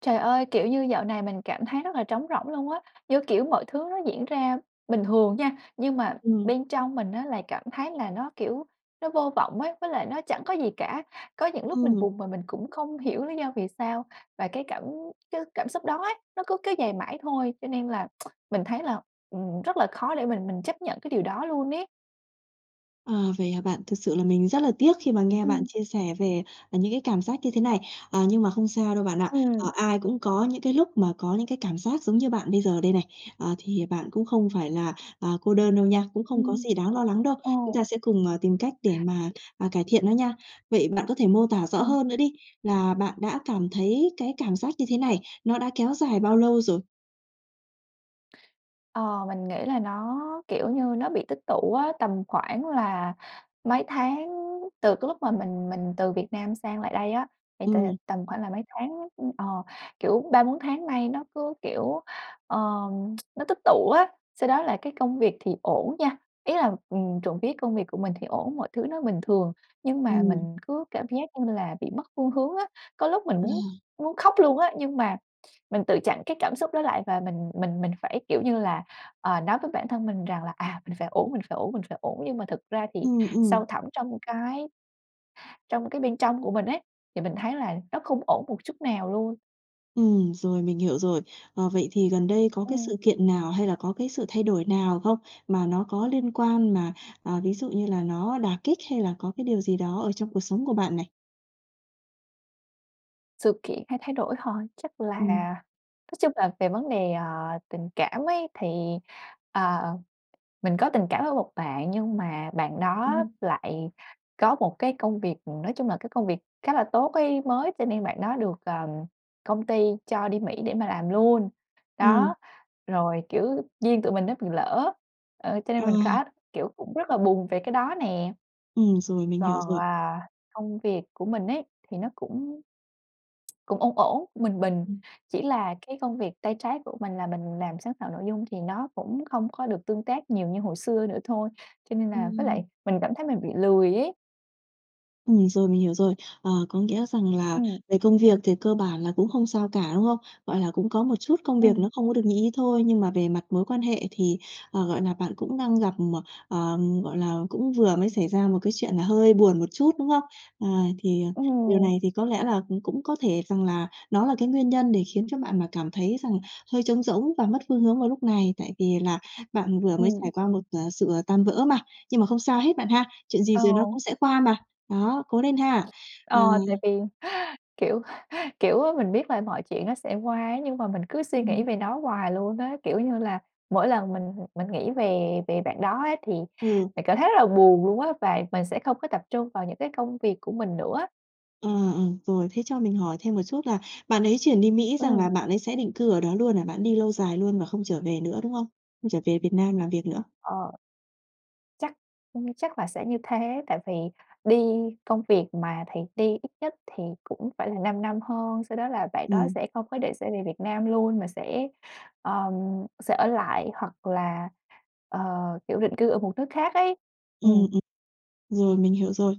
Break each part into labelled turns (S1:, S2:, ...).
S1: Trời ơi! Kiểu như, dạo này mình cảm thấy rất là trống rỗng luôn á, như kiểu, mọi thứ nó diễn ra bình thường nha. Nhưng mà
S2: Ừm.
S1: bên trong mình á, là cảm thấy là nó, kiểu, nó vô vọng ấy, với lại nó chẳng có gì cả. Có những lúc mình
S2: Ừm.
S1: buồn mà mình cũng không hiểu lý do vì sao. Và cái cảm cái cảm xúc đó ấy, nó cứ kéo dài mãi thôi. Cho nên là mình thấy là, ừm, rất là khó để mình mình chấp nhận cái điều đó luôn ấy.
S2: À, vậy hả bạn? Thực sự là mình rất là tiếc khi mà nghe bạn
S1: Ừm.
S2: chia sẻ về, ờ, những cái cảm giác như thế này. À, nhưng mà không sao đâu, bạn ạ. À,
S1: Ừm.
S2: ai cũng có những cái lúc mà có những cái cảm giác giống như bạn bây giờ đây này. À, thì bạn cũng không phải là, à, cô đơn đâu nha. Cũng không có
S1: Ừm.
S2: gì đáng lo lắng đâu, chúng ta
S1: Ồ!
S2: sẽ cùng, ờ, tìm cách để mà, à, cải thiện nó nha. Vậy bạn có thể mô tả rõ
S1: Ừm.
S2: hơn nữa đi, là bạn đã cảm thấy cái cảm giác như thế này, nó đã kéo dài bao lâu rồi?
S1: Ờ, mình nghĩ là nó, kiểu như, nó bị tích tụ á. Tầm khoảng là mấy tháng từ cái lúc mà mình mình từ Việt Nam sang lại đây á, thì t
S2: Ừm.
S1: tầm khoảng là mấy tháng, ừm, ờ, kiểu, 3-4 tháng nay nó cứ, kiểu, ờ, nó tích tụ á. Sau đó là cái công việc thì ổn nha, ý là, ừm, trộm vía công việc của mình thì ổn, mọi thứ nó bình thường nhưng mà
S2: Ừm.
S1: mình cứ cảm giác như là bị mất phương hướng á. Có lúc mình
S2: Ờ.
S1: muốn muốn khóc luôn á, nhưng mà mình tự chặn cái cảm xúc đó lại, và mình mình mình phải, kiểu như là, ờ, nói với bản thân mình rằng là, à, mình phải ổn, mình phải ổn, mình phải ổn. Nhưng mà thực ra thì
S2: Ừm,
S1: sâu
S2: ừm.
S1: thẳm trong cái trong cái bên trong của mình ấy, thì mình thấy là nó không ổn một chút nào luôn.
S2: Ừm, rồi, mình hiểu rồi. Ờ, vậy thì gần đây có cái
S1: À.
S2: sự kiện nào hay là có cái sự thay đổi nào không? Mà nó có liên quan mà, ờ, ví dụ như là nó đả kích, hay là có cái điều gì đó ở trong cuộc sống của bạn này?
S1: Sự kiện hay thay đổi hả? Chắc là
S2: Ừm.
S1: nói chung là về vấn đề, ờ, tình cảm ấy thì, ờ, mình có tình cảm với một bạn nhưng mà bạn đó
S2: Ừm.
S1: lại có một cái công việc, ừm, nói chung là cái công việc khá là tốt ấy, mới, cho nên bạn đó được, ừm, công ty cho đi Mỹ để mà làm luôn.
S2: Ừm.
S1: Đó, rồi, kiểu, duyên tụi mình nó bị lỡ, ờ, cho
S2: Ờ.
S1: nên mình khá kiểu, cũng rất là buồn về cái đó nè.
S2: Ừm, rồi, mình hiểu
S1: Còn,
S2: rồi.
S1: à, công việc của mình ấy thì nó cũng cũng ổn ổn, cũng bình bình,
S2: Ừm.
S1: chỉ là cái công việc tay trái của mình là mình làm sáng tạo nội dung thì nó cũng không có được tương tác nhiều như hồi xưa nữa thôi, cho nên là với
S2: Ừm.
S1: lại mình cảm thấy mình bị lười ấy.
S2: Ừm, rồi, mình hiểu rồi. Ờ, có nghĩa rằng là
S1: Ừm.
S2: về công việc thì cơ bản là cũng không sao cả, đúng không? Gọi là cũng có một chút công việc
S1: Ừm.
S2: nó không có được như ý thôi, nhưng mà về mặt mối quan hệ thì, ờ, gọi là, bạn cũng đang gặp, ờ, ừm, gọi là, cũng vừa mới xảy ra một cái chuyện là hơi buồn một chút, đúng không? Ờ, thì, à, điều
S1: Ừ.
S2: này thì có lẽ là cũng cũng có thể rằng là nó là cái nguyên nhân để khiến cho bạn mà cảm thấy rằng hơi trống rỗng và mất phương hướng vào lúc này, tại vì là bạn vừa mới trải
S1: Ừm.
S2: qua một, ờ, sự, ờ, tan vỡ mà. Nhưng mà không sao hết bạn ha, chuyện gì
S1: Ờ.
S2: rồi nó cũng sẽ qua mà. Đó, cố lên ha! Ờ.
S1: Ờ, tại vì, kiểu, kiểu, mình biết là mọi chuyện nó sẽ qua ấy nhưng mà mình cứ suy nghĩ
S2: Ừm.
S1: về nó hoài luôn á, kiểu như là, mỗi lần mình mình nghĩ về về bạn đó á thì
S2: Ừ.
S1: mình cảm thấy rất là buồn luôn á, và mình sẽ không có tập trung vào những cái công việc của mình nữa á.
S2: À, ừm, rồi thế cho mình hỏi thêm một chút là bạn ấy chuyển đi Mỹ, rằng
S1: Ừm.
S2: là bạn ấy sẽ định cư ở đó luôn hả, bản đi lâu dài luôn và không trở về nữa, đúng không? Không trở về Việt Nam làm việc nữa.
S1: Ờ. Chắc ừm, chắc là sẽ như thế. Tại vì đi công việc mà thầy đi ít nhất thì cũng phải là 5 năm hơn. Sau đó là bạn đó
S2: Ừm.
S1: sẽ không có định sẽ về Việt Nam luôn mà sẽ, ờ, sẽ ở lại hoặc là, ờ, kiểu, định cư ở một nước khác ấy.
S2: Ừm,
S1: Ừm.
S2: ừm. Rồi mình hiểu rồi.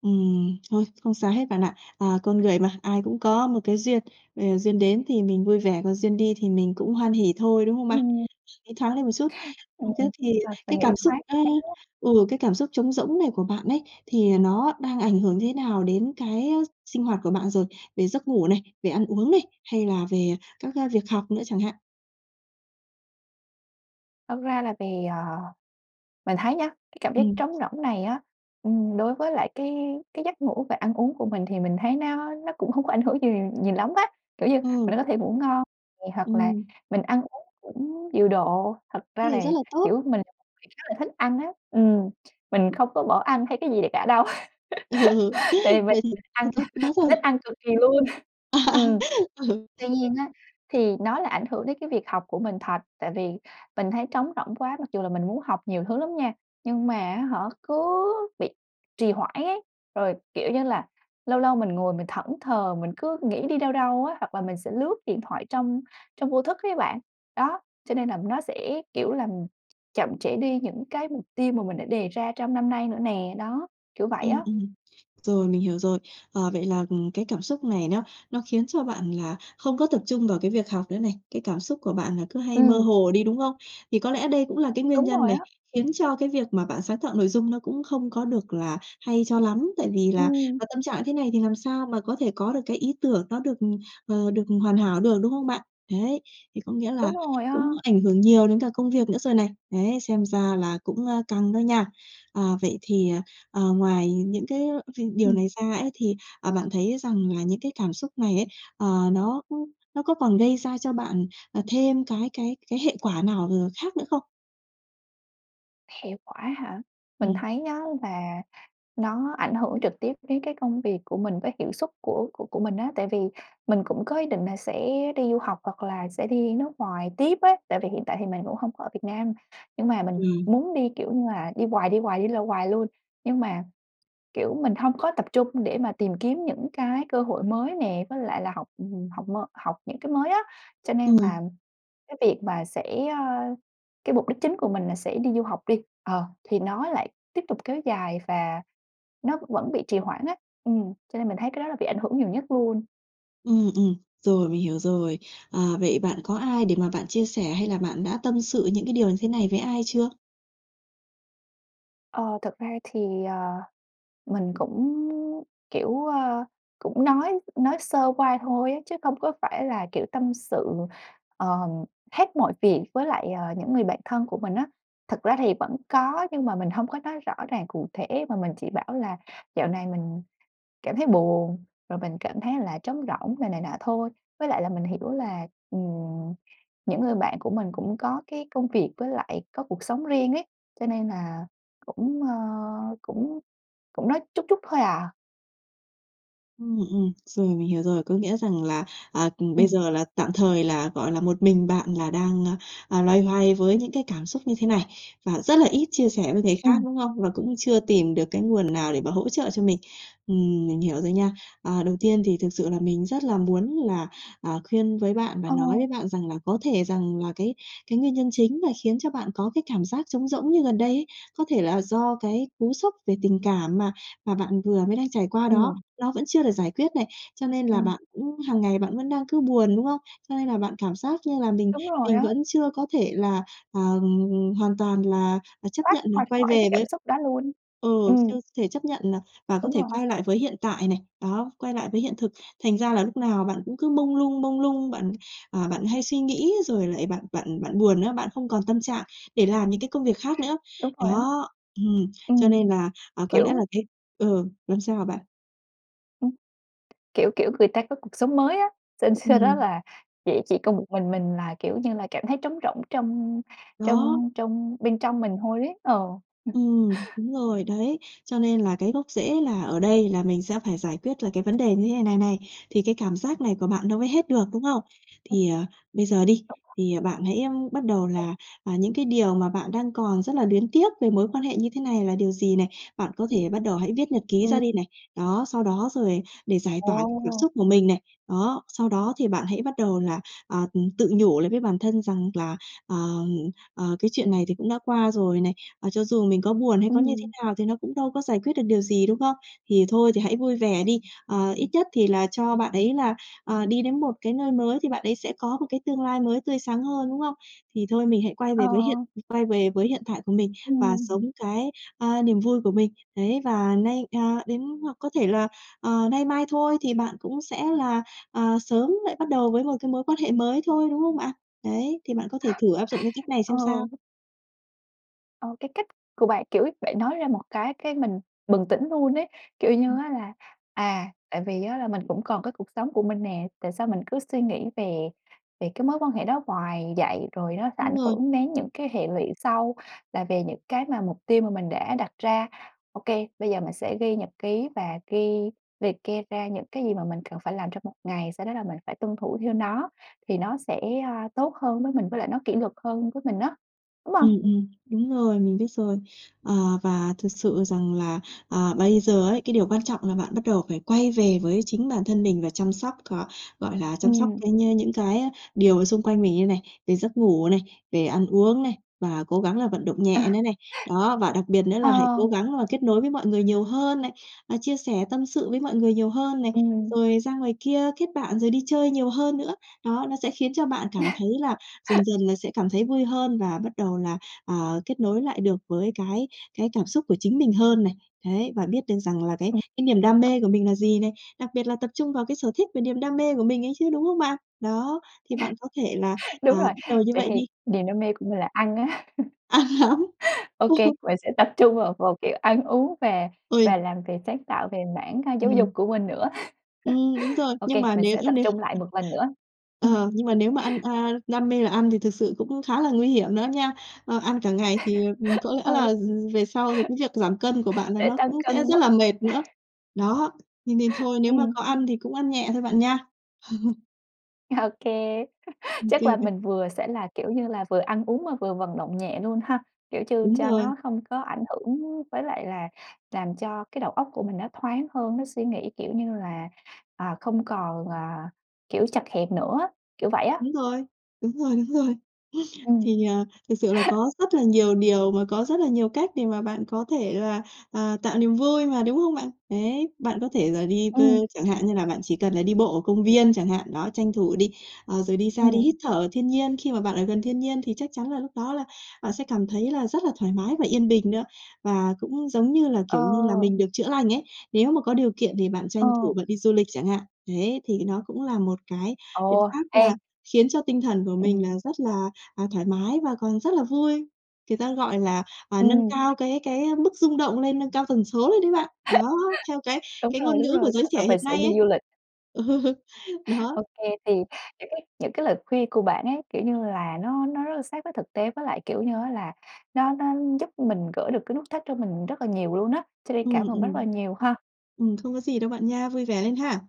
S2: Ừm, thôi, không sao hết, bạn ạ. À, con người mà, ai cũng có một cái duyên. Ờ, duyên đến thì mình vui vẻ, còn duyên đi thì mình cũng hoan hỉ thôi, đúng không bạn?
S1: Ừm.
S2: Nghĩ thoáng lên một chút.
S1: Ừm,
S2: Ừm, thế thì
S1: à, phải
S2: cái
S1: nghĩ
S2: cảm xúc
S1: thoáng
S2: á
S1: [unintelligible]
S2: ừ, cái cảm xúc trống rỗng này của bạn ấy, thì nó đang ảnh hưởng thế nào đến cái sinh hoạt của bạn rồi? Về giấc ngủ này, về ăn uống này, hay là về các việc học nữa chẳng hạn?
S1: Thật ra là vì, ờ, mình thấy nhá, cái cảm giác
S2: Ừm.
S1: trống rỗng này á, ừm, đối với lại cái cái giấc ngủ và ăn uống của mình thì mình thấy nó nó cũng không có ảnh hưởng gì nhiều lắm á. Kiểu như mình
S2: Ừm.
S1: vẫn có thể ngủ ngon nè hoặc là
S2: Ừm.
S1: mình ăn uống cũng điều độ. Thật
S2: Thế
S1: ra
S2: thì
S1: là,
S2: rất là tốt.
S1: kiểu, mình là một người khá là thích ăn á ừm, mình không có bỏ ăn hay cái gì kể cả đâu.
S2: Ừ, ừ,
S1: Tại vì mình
S2: vậy
S1: thích
S2: thì
S1: ăn,
S2: tốt quá
S1: mình
S2: rồi.
S1: thích ăn cực kỳ luôn. Ừm.
S2: Ừ.
S1: Tuy nhiên á, thì nó là ảnh hưởng đến cái việc học của mình thật. Tại vì mình thấy trống rỗng quá mặc dù là mình muốn học nhiều thứ lắm nha, nhưng mà á hả, cứ bị trì hoãn ấy. Rồi, kiểu như là, lâu lâu mình ngồi mình thẫn thờ mình cứ nghĩ đi đâu đâu á, hoặc là mình sẽ lướt điện thoại trong trong vô thức ấy bạn. Đó. Cho nên là nó sẽ, kiểu, làm chậm trễ đi những cái mục tiêu mà mình đã đề ra trong năm nay nữa nè. Đó, kiểu vậy
S2: Ừm,
S1: á.
S2: ừm. Rồi mình hiểu rồi. Ờ, vậy là, ừm, cái cảm xúc này nó nó khiến cho bạn là không có tập trung vào cái việc học nữa này. Cái cảm xúc của bạn là cứ hay mơ
S1: Ừm.
S2: hồ đi, đúng không? Thì có lẽ đây cũng là cái nguyên
S1: Đúng
S2: nhân
S1: rồi
S2: này
S1: á.
S2: khiến cho cái việc mà bạn sáng tạo nội dung nó cũng không có được là hay cho lắm. Tại vì là,
S1: Ừm.
S2: à, tâm trạng như thế này thì làm sao mà có thể có được cái ý tưởng nó được, ừm, ờ, được hoàn hảo được, đúng không bạn? Đấy, thì có nghĩa là
S1: Đúng rồi á.
S2: cũng ảnh hưởng nhiều đến cả công việc nữa rồi này. Đấy, xem ra là cũng, ơ, căng đó nha. À, vậy thì, ờ, ngoài những cái điều
S1: Ừm.
S2: này ra ấy, thì, ờ, bạn thấy rằng là những cái cảm xúc này ấy, ờ, nó, ơ, nó có còn gây ra cho bạn, ờ, thêm cái cái cái hệ quả nào, ờ, khác nữa không?
S1: Hệ quả hả? Mình
S2: Ừm.
S1: thấy á là nó ảnh hưởng trực tiếp đến cái công việc của mình với hiệu suất của của của mình á. Tại vì mình cũng có ý định là sẽ đi du học hoặc là sẽ đi nước ngoài tiếp á. Tại vì hiện tại thì mình cũng hông có ở Việt Nam, nhưng mà mình
S2: Ừm.
S1: muốn đi, kiểu như là, đi hoài, đi hoài, đi lâu hoài luôn, nhưng mà, kiểu, mình hông có tập trung để mà tìm kiếm những cái cơ hội mới nè, với lại là học học m học những cái mới á, cho nên
S2: Ừm.
S1: là cái việc mà sẽ, ơ cái mục đích chính của mình là sẽ đi du học đi, ờ, thì nó lại tiếp tục kéo dài và nó vẫn bị trì hoãn á, ừm, cho nên mình thấy cái đó là bị ảnh hưởng nhiều nhất luôn.
S2: Ừm ừm, rồi mình hiểu rồi. Ờ, vậy bạn có ai để mà bạn chia sẻ hay là bạn đã tâm sự những cái điều như thế này với ai chưa?
S1: Ờ, thật ra thì, ờ, mình cũng, kiểu, ơ, cũng nói nói sơ qua thôi á, chứ không có phải là, kiểu, tâm sự, ờ, hết mọi việc với lại, ờ, những người bạn thân của mình á. Thực ra thì vẫn có nhưng mà mình hông có nói rõ ràng cụ thể mà mình chỉ bảo là "Dạo này mình cảm thấy buồn, rồi mình cảm thấy là trống rỗng," rồi này nọ thôi, với lại là mình hiểu là, ừm, những người bạn của mình cũng có cái công việc với lại có cuộc sống riêng ấy, cho nên là cũng, ơ, cũng cũng nói chút chút thôi à.
S2: Ừm, ừm. Rồi, mình hiểu rồi. Có nghĩa rằng là, ờ, bây
S1: Ừm.
S2: giờ là tạm thời là, gọi là, một mình bạn là đang, a, à, loay hoay với những cái cảm xúc như thế này và rất là ít chia sẻ với người khác,
S1: Ừm.
S2: đúng không? Và cũng chưa tìm được cái nguồn nào để mà hỗ trợ cho mình. Ừm, mình hiểu rồi nha. Ờ, đầu tiên thì thực sự là mình rất là muốn là, à, khuyên với bạn và nói
S1: Ồ.
S2: với bạn rằng là có thể rằng là cái cái nguyên nhân chính là khiến cho bạn có cái cảm giác trống rỗng như gần đây ấy, có thể là do cái cú sốc về tình cảm mà mà bạn vừa mới đang trải qua đó,
S1: Ừm.
S2: nó vẫn chưa được giải quyết này. Cho nên là
S1: Ừm.
S2: bạn cũng hàng ngày bạn vẫn đang cứ buồn, đúng không? Cho nên là bạn cảm giác như là mình
S1: Đúng rồi
S2: mình
S1: á.
S2: vẫn chưa có thể là, ờ, hoàn toàn là, ờ, chấp
S1: Thoát
S2: nhận là
S1: ra
S2: quay
S1: khỏi
S2: về
S1: cái
S2: với
S1: cảm xúc đó luôn.
S2: ừ, chưa
S1: Ừm.
S2: thể chấp nhận là và có
S1: Đúng
S2: thể
S1: rồi.
S2: quay lại với hiện tại này. Đó, quay lại với hiện thực. Thành ra là lúc nào bạn cũng cứ mông lung, mông lung. Bạn, à, bạn hay suy nghĩ rồi lại bạn bạn bạn buồn nữa, bạn không còn tâm trạng để làm những cái công việc khác nữa.
S1: Đúng rồi á.
S2: Đó! Ừm, cho
S1: Ừm,
S2: nên là, à, có lẽ là
S1: kiểu
S2: cái ừ, làm sao hả bạn?
S1: Ừm, kiểu kiểu người ta có cuộc sống mới á. S sau đó
S2: Ừm.
S1: là chỉ chỉ còn một mình mình là, kiểu như là, cảm thấy trống rỗng trong
S2: Đó.
S1: trong trong bên trong mình thôi đấy. Ờ.
S2: Ừm, đúng rồi, đấy. Cho nên là cái gốc rễ là ở đây là mình sẽ phải giải quyết là cái vấn đề như thế này này, thì cái cảm giác này của bạn nó mới hết được, đúng không?
S1: [unintelligible]
S2: Thì, ờ, bây giờ đi,
S1: [unintelligible]
S2: thì, ờ, bạn hãy bắt đầu
S1: Ờ.
S2: là, à, những cái điều mà bạn đang còn rất là luyến tiếc về mối quan hệ như thế này là điều gì này, bạn có thể bắt đầu hãy viết nhật ký
S1: Ừm.
S2: ra đi này. Đó, sau đó rồi để giải tỏa cái cảm
S1: Ồ.
S2: xúc của mình này. Đó, sau đó thì bạn hãy bắt đầu là, ờ, ừm, tự nhủ lại với bản thân rằng là, ờ, ờ, cái chuyện này thì cũng đã qua rồi này, ờ, cho dù mình có buồn hay có như thế
S1: Ừm.
S2: nào thì nó cũng đâu có giải quyết được điều gì, đúng không? Thì thôi thì hãy vui vẻ đi. Ờ, ít nhất thì là cho bạn ấy là, ờ, đi đến một cái nơi mới thì bạn ấy sẽ có một cái tương lai mới tươi sáng hơn, đúng không? Thì thôi mình hãy quay về với
S1: Ờ.
S2: hiện quay về với hiện tại của mình và
S1: Ừm.
S2: sống cái, ờ, niềm vui của mình. Đấy, và nay à, đến hoặc có thể là, ờ, nay mai thôi thì bạn cũng sẽ là, ờ, sớm lại bắt đầu với một cái mối quan hệ mới thôi, đúng không bạn? Đấy, thì bạn có thể thử áp dụng cái cách này
S1: Ừ.
S2: xem sao.
S1: Ờ, cái cách của bạn, kiểu, bạn nói ra một cái cái mình bừng tỉnh luôn ấy. Kiểu như
S2: Ừm.
S1: á, là, à, tại vì á, là mình cũng còn cái cuộc sống của mình nè. Tại sao mình cứ suy nghĩ về về cái mối quan hệ đó hoài vậy? Rồi nó sẽ ảnh
S2: Đúng rồi.
S1: hưởng đến những cái hệ lụy sau là về những cái mà mục tiêu mà mình đã đặt ra. Ô kê, bây giờ mình sẽ ghi nhật ký và ghi liệt kê ra những cái gì mà mình cần phải làm trong một ngày. Sau đó là mình phải tuân thủ theo nó, thì nó sẽ, ơ, tốt hơn với mình, với lại nó kỷ luật hơn với mình á, đúng hông?
S2: Ừm, ừm. Đúng rồi, mình biết rồi. Ờ, và thực sự rằng là, ờ, bây giờ ấy, cái điều quan trọng là bạn bắt đầu phải quay về với chính bản thân mình và chăm sóc, ờ, gọi là, chăm sóc
S1: Ừm.
S2: cái nh những cái á, điều xung quanh mình đây này, về giấc ngủ này, về ăn uống này và cố gắng là vận động nhẹ
S1: À.
S2: nữa này. Đó, và đặc biệt nữa là hãy cố
S1: Ờ.
S2: gắng là kết nối với mọi người nhiều hơn này, à, chia sẻ tâm sự với mọi người nhiều hơn này,
S1: Ừm.
S2: rồi ra ngoài kia kết bạn rồi đi chơi nhiều hơn nữa. Đó, nó sẽ khiến cho bạn cảm thấy là dần dần là sẽ cảm thấy vui hơn, và bắt đầu là, à, kết nối lại được với cái cái cảm xúc của chính mình hơn này. Đấy, và biết được rằng là cái
S1: Ừm.
S2: cái niềm đam
S1: [unintelligible]
S2: mê của mình là gì này, đặc biệt là tập trung vào cái sở thích về niềm đam mê của mình ấy chứ, đúng không bạn? Đó, thì bạn có thể là, à,
S1: Đúng rồi.
S2: bắt đầu như
S1: Vậy
S2: vậy
S1: thì
S2: đi.
S1: niềm đam mê của mình là ăn á.
S2: Ăn hả?
S1: Ô
S2: Ô.
S1: kê, mình sẽ tập trung vào vào kiểu ăn uống và
S2: Ôi.
S1: và làm việc sáng tạo về mảng, a, giáo dục
S2: Ừm.
S1: của mình nữa.
S2: Ừm, đúng rồi.
S1: Ô
S2: Nhưng
S1: kê,
S2: mà
S1: mình
S2: nếu
S1: sẽ
S2: như,
S1: tập
S2: nếu
S1: trung lại một lần nữa.
S2: ờ,
S1: Ừm.
S2: nhưng mà nếu mà ăn, a đam mê là ăn thì thực sự cũng khá là nguy hiểm nữa nha. Ờ, ăn cả ngày thì, ừm, có lẽ là,
S1: Ừ.
S2: ừm, về sau thì cái việc giảm cân của bạn là
S1: Để
S2: nó
S1: tăng
S2: cũng sẽ
S1: cân
S2: rất
S1: quá.
S2: là mệt nữa. Đó, nên nên thôi nếu mà có
S1: Ừm.
S2: ăn thì cũng ăn nhẹ thôi, bạn nha.
S1: Ô kê,
S2: Ô
S1: chắc là
S2: kê.. [unintelligible]
S1: mình vừa sẽ là, kiểu như là, vừa ăn uống mà vừa vận động nhẹ luôn ha. Kiểu như
S2: Đúng
S1: cho
S2: rồi.
S1: nó hông có ảnh hưởng với lại là làm cho cái đầu óc của mình nó thoáng hơn. Nó suy nghĩ, kiểu như là, ờ, không còn, à, kiểu, chật hẹp nữa á, kiểu vậy á.
S2: Đúng rồi, đúng rồi, đúng rồi.
S1: Ừm.
S2: Thì, ờ, thực sự là có rất là nhiều điều mà có rất là nhiều cách để mà bạn có thể là, ờ, tạo niềm vui mà, đúng không bạn? Đấy, bạn có thể là đi, ờ,
S1: Ừm.
S2: chẳng hạn như là bạn chỉ cần là đi bộ ở công viên chẳng hạn, đó, tranh thủ đi. Ờ, rồi đi xa đi
S1: Ừm.
S2: hít thở ở thiên nhiên, khi mà bạn ở gần thiên nhiên thì chắc chắn là lúc đó là bạn sẽ cảm thấy là rất là thoải mái và yên bình nữa. Và cũng giống như là,
S1: Ờ.
S2: kiểu như là, mình được chữa lành ấy. Nếu mà có điều kiện thì bạn tranh
S1: Ờ.
S2: thủ bạn đi du lịch chẳng hạn. Đấy, thế thì nó cũng là một cái biện
S1: Ồ,
S2: pháp
S1: ê
S2: là khiến cho tinh thần của mình
S1: Ừm.
S2: là rất là, à, thoải mái và còn rất là vui. Người ta gọi là, à, nâng
S1: Ừm.
S2: cao cái cái mức rung động lên, nâng cao tần số lên đấy bạn. Đó, theo cái
S1: Đúng
S2: cái
S1: rồi,
S2: ngôn
S1: đúng
S2: ngữ
S1: rồi,
S2: của giới
S1: chắc là
S2: trẻ
S1: mình
S2: hiện
S1: sẽ
S2: nay
S1: đi
S2: ấy.
S1: du lịch.
S2: Ừ, đó.
S1: Ô kê, thì những cái những cái lời khuyên của bạn ấy, kiểu như là, nó nó rất là sát với thực tế, với lại, kiểu như á, là nó nó giúp mình gỡ được cái nút thắt cho mình rất là nhiều luôn á. Cho nên
S2: Ừm
S1: cảm ơn bạn rất là
S2: ừm.
S1: nhiều ha.
S2: Ừm, không có gì đâu bạn nha, vui vẻ lên ha.